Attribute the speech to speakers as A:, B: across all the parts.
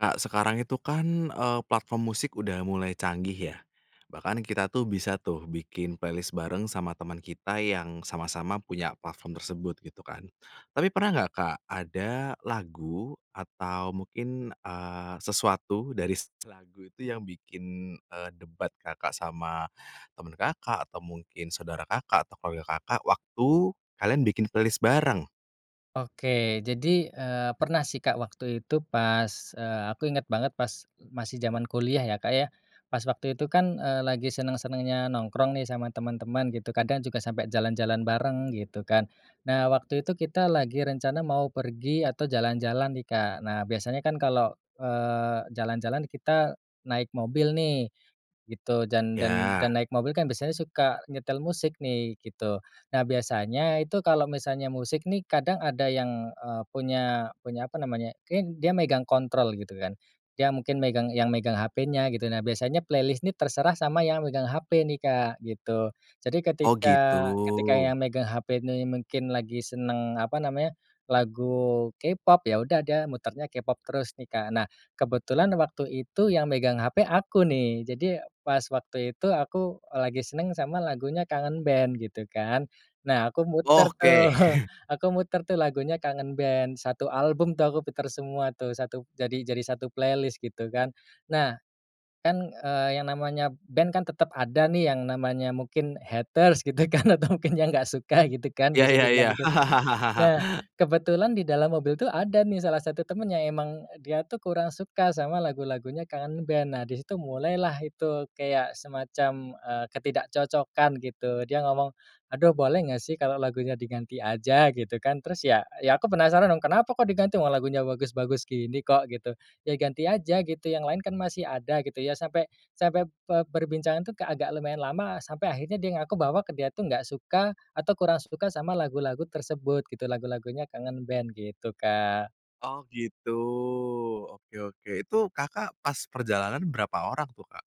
A: Kak, sekarang itu kan, eee, platform musik udah mulai canggih, ya. Bahkan kita tuh bisa tuh bikin playlist bareng sama teman kita yang sama-sama punya platform tersebut, gitu kan. Tapi pernah nggak, Kak, ada lagu atau mungkin, eee, sesuatu dari s lagu itu yang bikin, eee, debat Kakak sama teman Kakak, atau mungkin saudara Kakak, atau kolega Kakak, waktu kalian bikin playlist bareng?
B: Oke, jadi, eee, pernah sih, Kak, waktu itu pas, eee, aku ingat banget pas masih zaman kuliah, ya Kak, ya. Pas waktu itu kan, eee, lagi senang-senangnya nongkrong nih sama teman-teman, gitu. Kadang juga sampai jalan-jalan bareng, gitu kan. Nah, waktu itu kita lagi rencana mau pergi atau jalan-jalan nih, Kak. Nah, biasanya kan kalau, eee, jalan-jalan kita naik mobil nih, gitu. Dan dan dan
A: Ya.
B: naik mobil kan biasanya suka nyetel musik nih, gitu. Nah, biasanya itu kalau misalnya musik nih, kadang ada yang, eee, punya punya apa namanya, ken dia megang kontrol, gitu kan. Dia mungkin megang yang megang HP-nya, gitu. Nah, biasanya playlist ini terserah sama yang megang HP nih, Kak, gitu. Jadi
A: Oh,
B: ketika
A: gitu.
B: ketika yang megang HP nih mungkin lagi senang apa namanya, lagu K-Pop, ya udah dia mutarnya K-Pop terus nih, Kak. Nah, kebetulan waktu itu yang megang HP aku nih. Jadi pas waktu itu aku, eee, lagi senang sama lagunya Kangen Band, gitu kan. Nah, aku muter tuh
A: Oke.
B: aku muter tuh lagunya Kangen Band, 1 album tuh aku puter semua tuh, jadi jadi 1 playlist, gitu kan. Nah, kan, eee, yang namanya band kan tetap ada nih yang namanya mungkin haters, gitu kan, atau mungkin yang nggak suka, gitu kan,
A: Iya
B: bisa
A: iya
B: dibilang
A: iya.
B: gitu. Nah, kebetulan di dalam mobil tuh ada nih salah satu teman yang emang dia tuh kurang suka sama lagu-lagunya Kangen Band. Nah, di situ mulailah itu kayak semacam, eee, ketidakcocokan, gitu. Dia ngomong, "Aduh, boleh nggak sih kalau lagunya diganti aja," gitu kan. Terus, ya ya aku penasaran dong, "Kenapa kok diganti, wong lagunya bagus-bagus gini kok," gitu. "Ya ganti aja, gitu, yang lain kan masih ada," gitu. Ya sampai sampai pe perbincangan tuh kayak agak lumayan lama, sampai akhirnya dia ngaku bahwa dia tuh nggak suka atau kurang suka sama lagu-lagu tersebut, gitu, lagu-lagunya Kangen Band, gitu, Kak.
A: Oh gitu. Oke oke, itu Kakak pas perjalanan berapa orang tuh Kak,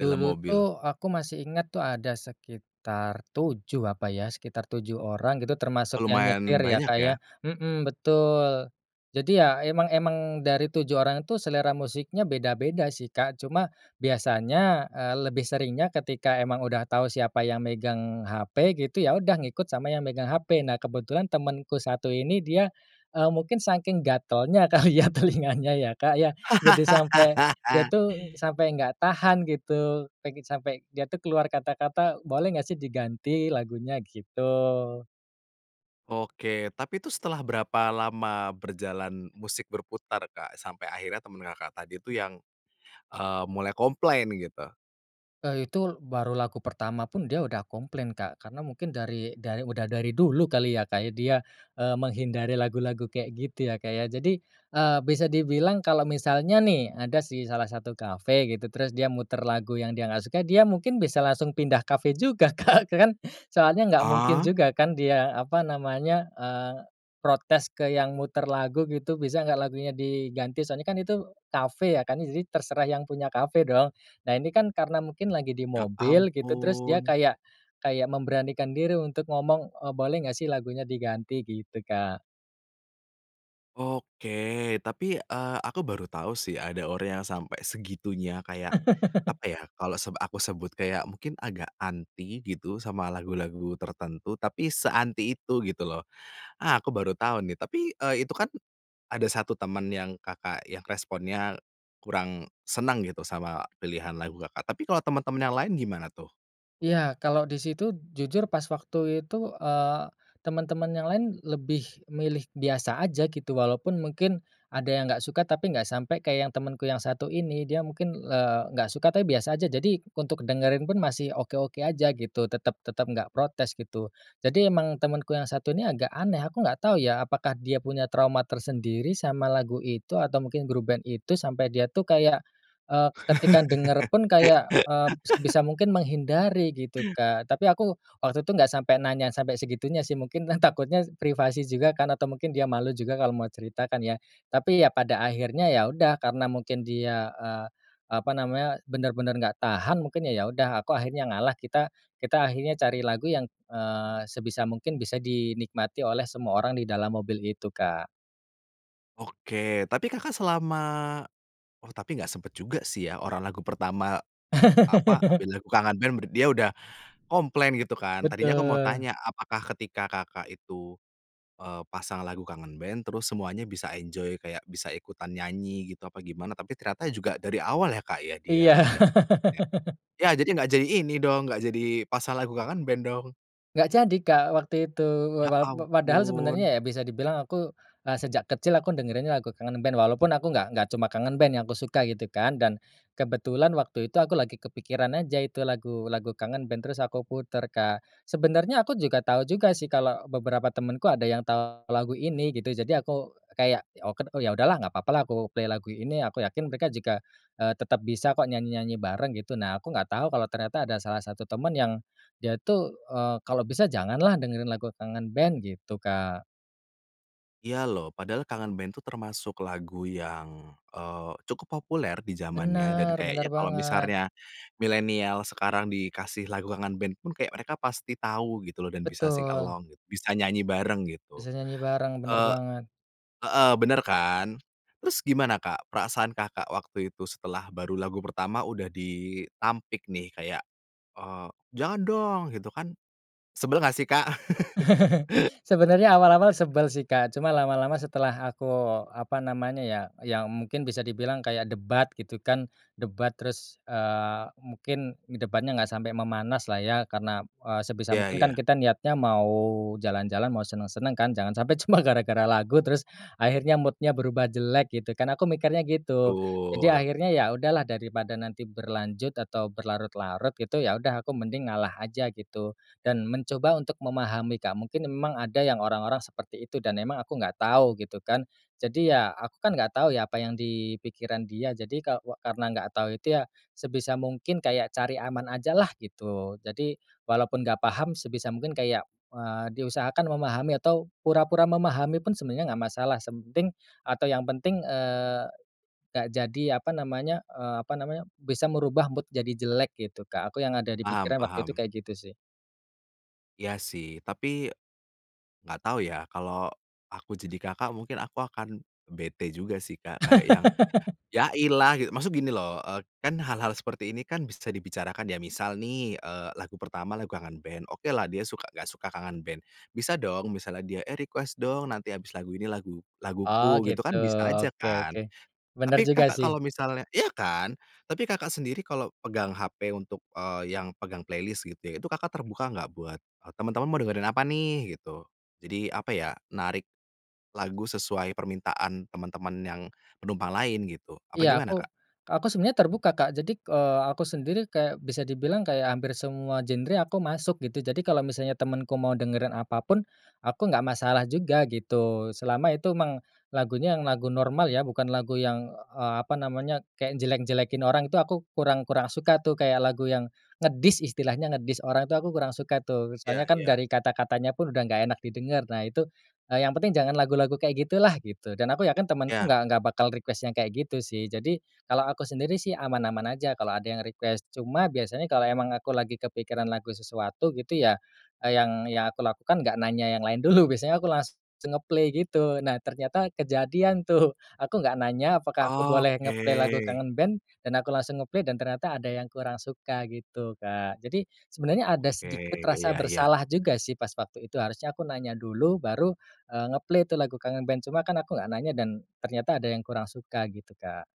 A: dalam mobil?
B: tuh aku masih ingat, tuh, ada sekitar 7 apa ya, sekitar 7 orang gitu,
A: Oh,
B: termasuk yang
A: lumayan
B: nyetir, ya
A: banyak
B: Kak, ya.
A: ya.
B: Mhm betul. Jadi ya emang emang dari 7 orang itu selera musiknya beda-beda sih, Kak. Cuma biasanya, eee, lebih seringnya ketika emang udah tahu siapa yang megang HP, gitu, ya udah ngikut sama yang megang HP. Nah, kebetulan temanku satu ini, dia, eee, mungkin saking gatalnya kali ya telinganya, ya, Kak, ya. Jadi sampai dia tuh, sampai nggak tahan, gitu. Pengen sampai dia tuh keluar kata-kata, "Boleh nggak sih diganti lagunya?" Gitu.
A: Oke, tapi itu setelah berapa lama berjalan musik berputar, Kak, sampai akhirnya teman Kakak tadi itu yang, eee, mulai komplain gitu?
B: Eee, itu baru lagu pertama pun dia udah komplain, Kak, karena mungkin dari dari udah dari dulu kali ya, Kak, dia, eee, menghindari lagu-lagu kayak gitu ya, Kak, ya. Jadi, eee, bisa dibilang kalau misalnya nih ada sih salah satu kafe gitu terus dia muter lagu yang dia nggak suka, dia mungkin bisa langsung pindah kafe juga, Kak, kan soalnya nggak mungkin
A: Ah.
B: juga kan dia apa namanya, eee, protes ke yang muter lagu gitu, bisa nggak lagunya diganti, soalnya kan itu kafe ya kan jadi terserah yang punya kafe dong. Nah ini kan karena mungkin lagi di
A: Ya
B: mobil gitu terus dia
A: ampun.
B: kayak kayak memberanikan diri untuk ngomong, "Oh boleh nggak sih lagunya diganti?" Gitu, Kak.
A: Oke, tapi, eee, aku baru tahu sih ada orang yang sampai segitunya kayak, apa ya, kalau seb aku sebut kayak mungkin agak anti gitu sama lagu-lagu tertentu tapi se-anti itu gitu loh, ah, aku baru tahu nih tapi, eee, itu kan ada satu teman yang Kakak yang responnya kurang senang gitu sama pilihan lagu Kakak, tapi kalau teman-teman yang lain gimana tuh?
B: Iya, kalau di situ jujur pas waktu itu, eee, teman-teman yang lain lebih milih biasa aja gitu walaupun mungkin ada yang nggak suka tapi nggak sampai kayak yang temenku yang satu ini, dia mungkin, eee, nggak suka tapi biasa aja jadi untuk dengerin pun masih oke-oke aja gitu tetap tetap nggak protes gitu. Jadi emang temanku yang satu ini agak aneh, aku nggak tahu ya apakah dia punya trauma tersendiri sama lagu itu, atau mungkin grup band itu sampai dia tuh kayak, eee, ketika denger pun kayak, eee, sebisa mungkin menghindari gitu, Kak, tapi aku waktu itu nggak sampai nanya sampai segitunya sih mungkinlah takutnya privasi juga kan atau mungkin dia malu juga kalau mau cerita kan ya. Tapi ya pada akhirnya ya udah karena mungkin dia, eee, apa namanya, benar-benar nggak tahan mungkin ya udah aku akhirnya ngalah, kita kita akhirnya cari lagu yang, eee, sebisa mungkin bisa dinikmati oleh semua orang di dalam mobil itu, Kak.
A: Oke, tapi Kakak selama oh tapi enggak sempat juga sih ya, orang lagu pertama, apa, band pilih lagu Kangen Band, dia udah komplain gitu kan. Tadinya aku mau
B: Betul.
A: tanya, apakah ketika Kakak itu, eee, pasang lagu Kangen Band terus semuanya bisa enjoy kayak bisa ikutan nyanyi gitu apa gimana? Tapi ternyata juga dari awal ya Kak ya dia
B: Iya.
A: udah komplain ya, ya jadi enggak jadi ini dong, enggak jadi pasang lagu Kangen Band dong.
B: Enggak jadi Kak waktu itu
A: Ya
B: wawap padahal
A: ampun.
B: sebenarnya ya bisa dibilang aku, eee, sejak kecil aku dengerinnya lagu Kangen Band walaupun aku enggak enggak cuma Kangen Band yang aku suka gitu kan dan kebetulan waktu itu aku lagi kepikiran aja itu lagu lagu Kangen Band terus aku putar Kak. Sebenarnya aku juga tahu juga sih kalau beberapa temanku ada yang tahu lagu ini gitu. Jadi aku kayak, oket oh yaudahlah nggak apa-apa lah aku play lagu ini. Aku yakin mereka juga, eee, tetap bisa kok nyanyi-nyanyi bareng gitu, nah aku enggak tahu kalau ternyata ada salah satu teman yang dia tuh, eee, kalau bisa janganlah dengerin lagu Kangen Band, gitu Kak.
A: Iya loh, padahal Kangen Band itu termasuk lagu yang, eee, cukup populer di zamannya dan
B: Benar, benar
A: kayaknya kalau
B: banget.
A: misarnya milenial sekarang dikasih lagu Kangen Band pun kayak mereka pasti tahu gitu loh, dan bisa sing
B: Betul.
A: along, bisa nyanyi bareng gitu.
B: Bisa nyanyi bareng, benar
A: Eee
B: banget.
A: heeh, benar kan. Terus gimana Kak perasaan Kakak waktu itu setelah baru lagu pertama udah ditampik nih kayak, eee, "Jangan dong!" Gitu kan. Sebel enggak sih Kak?
B: Sebenarnya awal-awal sebel sih Kak, cuma lama-lama setelah aku apa namanya ya, ya mungkin bisa dibilang kayak debat gitu kan. Debat, terus, eee, mungkin debatnya enggak sampai memanas lah ya. Karena, eee, sebisa
A: Ya
B: mungkin kan
A: ya.
B: kita niatnya mau jalan-jalan, mau senang-senang kan, jangan sampai cuma gara-gara lagu, terus akhirnya mood-nya berubah jelek gitu kan, aku mikirnya gitu. Jadi
A: Betul.
B: akhirnya ya udahlah daripada nanti berlanjut atau berlarut-larut gitu ya udah aku mending ngalah aja gitu. Dan mencoba untuk memahami Kak, mungkin emang ada yang orang-orang seperti itu dan emang aku enggak tahu gitu kan. Jadi ya, aku kan enggak tahu ya apa yang di pikiran dia. Jadi kawa karena enggak tahu itu ya, sebisa mungkin kayak cari aman ajalah gitu. Jadi walaupun enggak paham sebisa mungkin kayak, eee, diusahakan memahami atau pura-pura memahami pun sebenarnya enggak masalah semting atau yang penting, eee, enggak jadi apa namanya, eee, apa namanya, bisa merubah mood jadi jelek gitu Kak. Aku yang ada di
A: Paham
B: pikiran waktu itu
A: paham.
B: kayak gitu sih.
A: Iya sih tapi, enggak tahu ya kalau aku jadi Kakak, mungkin aku akan bete juga sih Kak kayak yang, "Ya ilah" gitu. Maksud gini loh, eee, kan hal-hal seperti ini kan bisa dibicarakan, ya misal nih, eee, lagu pertama lagu Kangen Band, oke lah dia suka enggak suka Kangen Band, bisa dong misalnya dia, "Eh request dong, nanti habis lagu ini lagu
B: Oh
A: laguku," gitu
B: gitu,
A: kan, bisa aja
B: oke
A: kan.
B: oke. Benar
A: Tapi
B: juga
A: Kakak
B: sih.
A: kalau misalnya iya kan, tapi Kakak sendiri kalau pegang hp untuk, eee, yang pegang playlist gitu ya, itu Kakak terbuka enggak buat, "Teman-teman mau dengerin apa nih?" Gitu. Jadi apa ya, narik lagu sesuai permintaan teman-teman yang penumpang lain gitu, apa
B: Iya
A: gimana
B: aku
A: Kak?
B: aku sebenarnya terbuka Kak, jadi, eee, aku sendiri kayak bisa dibilang kayak hampir semua genre aku masuk gitu. Jadi kalau misalnya temanku mau dengerin apapun, aku enggak masalah juga gitu. Selama itu emang lagunya, yang lagu normal ya, bukan lagu yang, eee, apa namanya, kayak jelek-jelekin orang itu aku kurang kurang suka tuh kayak lagu yang ngedis, istilahnya ngedis, orang itu aku kurang suka tuh. Soalnya
A: Ya
B: kan
A: ya.
B: dari kata-katanya pun udah enggak enak didengar. Nah itu, eee, yang penting jangan lagu-lagu kayak gitulah, gitu. Dan aku yakin temanku
A: Ya.
B: enggak enggak bakal request yang kayak gitu sih. Jadi, kalo aku sendiri sih, aman-aman aja kalo ada yang request. Cuma biasanya kalau emang aku lagi kepikiran lagu sesuatu gitu ya, eee, yang yang aku lakukan enggak nanya yang lain dulu biasanya aku las langsung nge-play gitu. Nah ternyata kejadian tuh, aku enggak nanya apakah aku boleh
A: Oke.
B: nge-play lagu Kangen Band, dan aku langsung nge-play dan ternyata, ada yang kurang suka gitu Kak. Jadi sebenarnya ada
A: Oke,
B: sedikit rasa
A: iya iya.
B: bersalah juga sih pas waktu itu. Harusnya aku nanya dulu baru, eee, nge-play tuh lagu Kangen Band, cuma kan aku enggak nanya dan ternyata ada yang kurang, suka gitu Kak.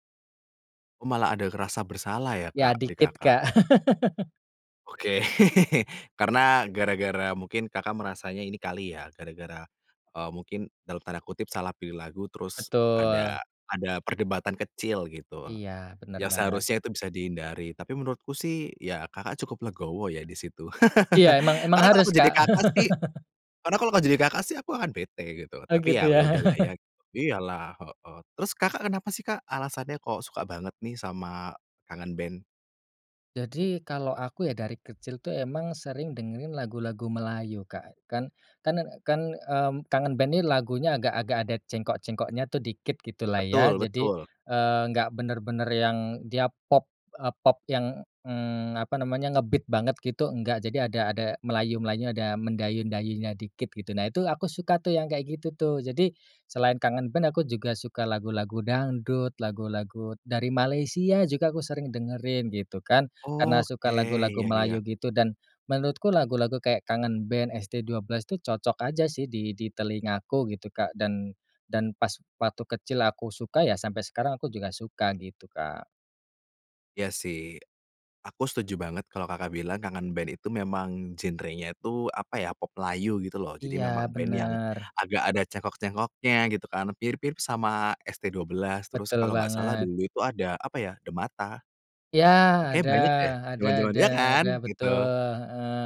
A: Oh, malah ada kerasa bersalah ya
B: Ya
A: Kak, di
B: dikit
A: Kakak?
B: Kak.
A: Oke, karena gara-gara mungkin Kakak merasanya ini kali ya, gara-gara, eee, mungkin dalam tanda kutip salah pilih lagu terus ada
B: Betul.
A: ada perdebatan kecil gitu,
B: Iya, benar
A: yang
B: banget.
A: seharusnya itu bisa dihindari, tapi menurutku sih ya Kakak cukup legowo ya di situ.
B: Iya emang emang
A: Karena kalau aku
B: harus
A: jadi
B: Kak.
A: Kakak sih karena kalau enggak jadi Kakak sih aku akan bete gitu,
B: Oh
A: tapi
B: gitu
A: ya
B: ya.
A: ya udahlah ya, iya lah, heeh. Terus Kakak kenapa sih Kak alasannya kok suka banget nih sama Kangen Band?
B: Jadi kalau aku, ya, dari kecil tuh emang sering dengerin lagu-lagu Melayu, Kak. Kan kan kan, eee, Kangen Band ini lagunya agak-agak ada cengkok-cengkoknya tuh dikit gitu lah, ya.
A: Betul
B: Jadi,
A: betul.
B: eee, nggak bener-bener yang dia pop, eee, pop yang, eee, apa namanya, nge-beat banget gitu, nggak. Jadi ada ada Melayu, Melayunya, ada mendayu-dayunya dikit gitu. Nah, itu aku suka tuh yang kayak gitu tuh. Jadi, selain Kangen Band, aku juga suka lagu-lagu dangdut, lagu-lagu dari Malaysia juga aku sering dengerin gitu, kan. Karena suka
A: Oke,
B: lagu-lagu
A: iya iya.
B: Melayu gitu, dan menurutku lagu-lagu kayak Kangen Band, ST12 tuh cocok aja sih di di telingaku gitu, Kak. Dan dan pas waktu kecil aku suka, ya, sampai sekarang aku juga suka gitu, Kak.
A: Iya, sih, aku setuju banget kalau Kakak bilang Kangen Band itu memang genrenya itu, apa ya, pop Melayu gitu loh. Jadi
B: Iya,
A: memang band yang
B: benar.
A: agak ada cengkok-cengkoknya gitu, kan, mirip-mirip sama ST12. Terus,
B: Betul
A: kalau nggak salah,
B: banget.
A: dulu itu ada, apa ya, The Mata?
B: Iya,
A: Kayaknya
B: ada
A: banyak deh,
B: ada
A: zaman-zaman
B: ada
A: ya kan?
B: ada,
A: Gitu.
B: betul, heeh,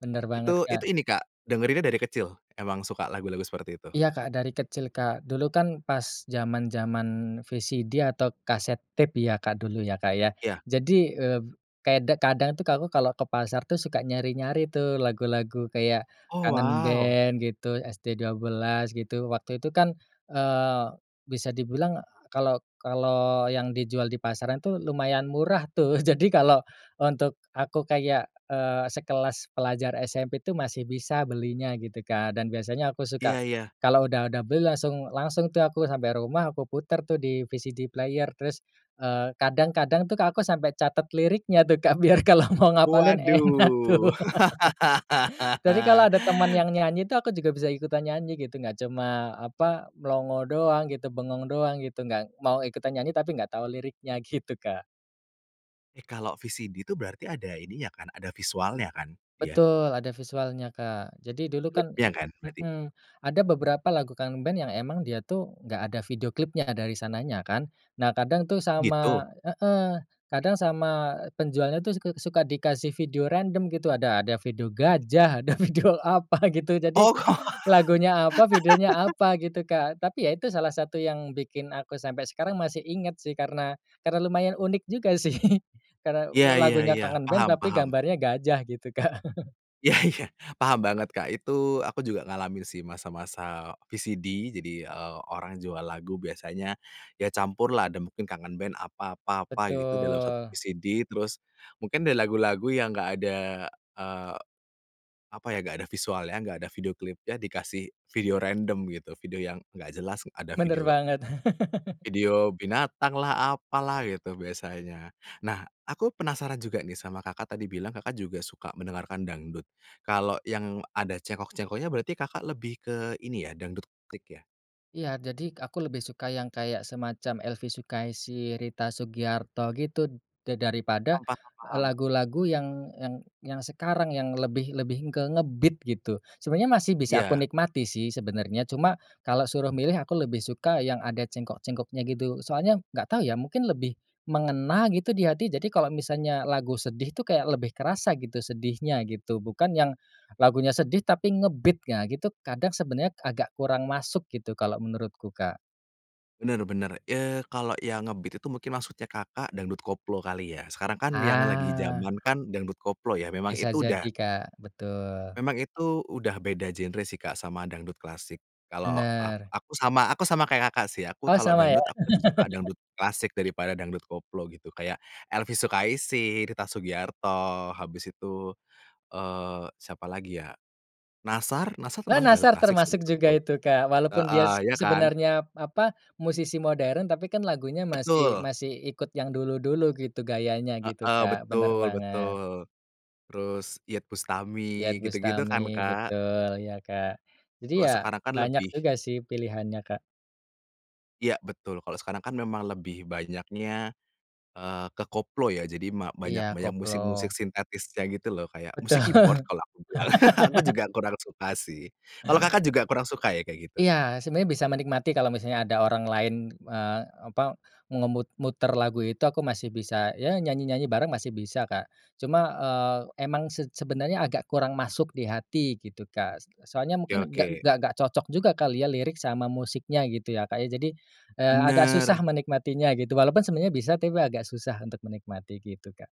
B: bener banget,
A: Itu itu
B: Kak.
A: ini Kak, dengerin dari kecil emang suka lagu-lagu seperti itu?
B: Iya, Kak, dari kecil, Kak, dulu kan pas zaman-zaman VCD atau kaset tape, ya, Kak, dulu, ya, Kak, ya.
A: Iya.
B: Jadi, eee, kay kadang tuh aku kalau ke pasar tuh suka nyari-nyari tuh lagu-lagu kayak
A: Oh,
B: Kangen
A: wow.
B: Band, gitu, ST12, gitu. Waktu itu kan, eee, bisa dibilang kalau kalau yang dijual di pasaran tuh lumayan murah tuh. Jadi kalau untuk aku kayak, eee, sekelas pelajar SMP tuh masih bisa belinya gitu, Kak. Dan biasanya aku suka
A: Iya iya.
B: kalau udah udah beli langsung langsung tuh aku sampai rumah aku putar tuh di VCD Player. Terus, eee, kadang-kadang tuh aku sampai catet liriknya tuh, Kak, biar kalau mau ngapalin enak tuh.
A: Waduh.
B: Jadi kalau ada teman yang nyanyi, tuh, aku juga bisa ikutan nyanyi gitu. Nggak cuma, apa, melongo doang gitu, bengong doang gitu. Nggak mau ikutan nyanyi, tapi enggak tahu liriknya gitu, Kak.
A: Eh, kalau VCD itu berarti ada ininya kan, ada visualnya kan? Iya.
B: Betul ada visualnya, Kak. Jadi dulu kan
A: Klipnya kan berarti?
B: mhm, ada beberapa lagu Kangen Band yang emang dia tuh nggak ada video klipnya dari sananya kan, nah kadang tuh
A: Oh
B: sama
A: gitu?
B: heeh, kadang sama penjualnya tuh suk suka dikasih video random gitu, ada ada video gajah ada video apa gitu. Jadi,
A: Oh.
B: lagunya apa videonya apa gitu, Kak. Tapi ya itu salah satu yang bikin aku sampai sekarang masih ingat sih karena karena lumayan unik juga sih karena
A: Iya iya
B: lagunya
A: iya,
B: Kangen Band
A: paham
B: tapi
A: paham.
B: gambarnya gajah gitu, Kak.
A: Iya iya paham banget, Kak. Itu aku juga ngalamin sih masa-masa VCD, jadi, eee, orang jual lagu biasanya ya campurlah ada mungkin Kangen Band, apa apa apa gitu dalam 1
B: Betul.
A: VCD terus, mungkin dari lagu-lagu yang nggak ada, eee, apa ya, nggak ada visualnya, nggak ada video klipnya, dikasih video random gitu video yang nggak jelas, ada
B: Benar
A: video
B: banget.
A: video binatanglah, apalah, gitu biasanya. Nah aku penasaran juga nih sama Kakak tadi bilang Kakak juga suka mendengarkan dangdut, kalau yang ada cengkok-cengkoknya berarti Kakak lebih ke ini ya, dangdut klik ya?
B: Iya, jadi aku lebih suka yang kayak semacam Elvy Sukaesih, Rita Sugiarto gitu, da daripada
A: M paham paham.
B: lagu-lagu yang yang yang sekarang yang lebih lebih ke nge-beat gitu, sebenarnya masih bisa aku
A: Iya.
B: nikmati sih sebenarnya cuma kalau suruh milih aku lebih suka yang ada cengkok-cengkoknya gitu. Soalnya nggak tahu ya mungkin lebih mengena gitu di hati, jadi kalau misalnya lagu sedih tuh kayak lebih kerasa gitu sedihnya gitu bukan yang, lagunya sedih tapi nge-beat ah, gitu kadang sebenarnya agak kurang masuk gitu kalau menurutku, Kak.
A: Benar benar, eee, kalau yang nge-beat itu mungkin maksudnya Kakak dangdut koplo kali ya? Sekarang kan yang lagi
B: Ah.
A: jaman kan dangdut koplo ya, memang
B: Bisa
A: itu
B: jadi
A: udah
B: Kak, betul.
A: memang itu udah beda genre sih Kak sama dangdut klasik. Kalau a
B: Benar.
A: aku sama aku sama kayak Kakak sih, aku
B: Oh,
A: kalau
B: sama ya?
A: dangdut aku lebih suka dangdut klasik daripada dangdut koplo gitu, kayak Elvy Sukaesih, Rita Sugiarto, habis itu, eee, siapa lagi ya? Nassar, Nassar
B: Eee,
A: termasuk dangdut
B: Nassar
A: klasik sih
B: termasuk juga
A: menurutku,
B: itu, Kak. Walaupun dia
A: heeh,
B: seb
A: iya kan?
B: sebenarnya, apa, musisi modern tapi kan lagunya masih
A: Betul.
B: masih ikut yang dulu-dulu gitu gayanya gitu,
A: Heeh,
B: Kak, bener
A: betul
B: banget.
A: betul, terus Iyeth Bustami,
B: Iyeth
A: gitu-gitu kan,
B: Bustami,
A: Kak.
B: betul ya, Kak. Jadi
A: Kalo
B: ya
A: sekarang kan
B: banyak
A: lebih
B: juga sih pilihannya, Kak.
A: Iya betul. Kalau sekarang kan memang lebih banyaknya, eee, ke koplo ya jadi ma banyak
B: Iya,
A: banyak
B: koplo.
A: musik-musik sintetisnya gitu loh. Kayak
B: Betul.
A: musik keyboard kalau aku bilang, aku juga kurang suka sih. Kalau Kakak juga kurang suka ya kayak gitu?
B: Iya, sebenarnya bisa menikmati kalau misalnya ada orang lain, eee, apa mengemut muter lagu itu aku masih bisa ya nyanyi-nyanyi bareng masih bisa, Kak. Cuma, eee, emang se sebenarnya agak kurang masuk di hati gitu, Kak, s soalnya
A: Oke
B: mungkin nggak
A: oke.
B: nggak cocok juga kali ya lirik sama musiknya gitu ya, Kak, ya. Jadi, eee, agak
A: Benar.
B: susah menikmatinya gitu, walaupun sebenarnya bisa tapi agak susah untuk menikmati gitu, Kak.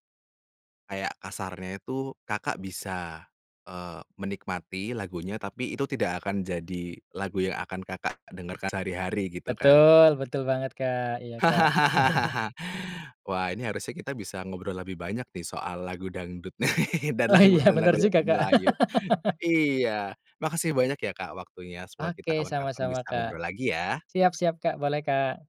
A: Kayak kasarnya itu Kakak bisa, eee, menikmati lagunya tapi itu tidak akan jadi lagu yang akan Kakak dengarkan sehari-hari gitu kan.
B: Betul, betul banget, Kak, iya, Kak.
A: Wah, ini harusnya kita bisa ngobrol lebih banyak nih soal lagu dangdut dan
B: Oh,
A: langlu
B: iya
A: dan
B: bener juga,
A: lagu-lagu
B: Kak.
A: Melayu. Iya makasih banyak ya, Kak, waktunya, semoga
B: Oke,
A: kita kapan-kapan
B: sama-sama,
A: bisa
B: Kak.
A: ngobrol lagi ya.
B: Siap siap, Kak, boleh, Kak.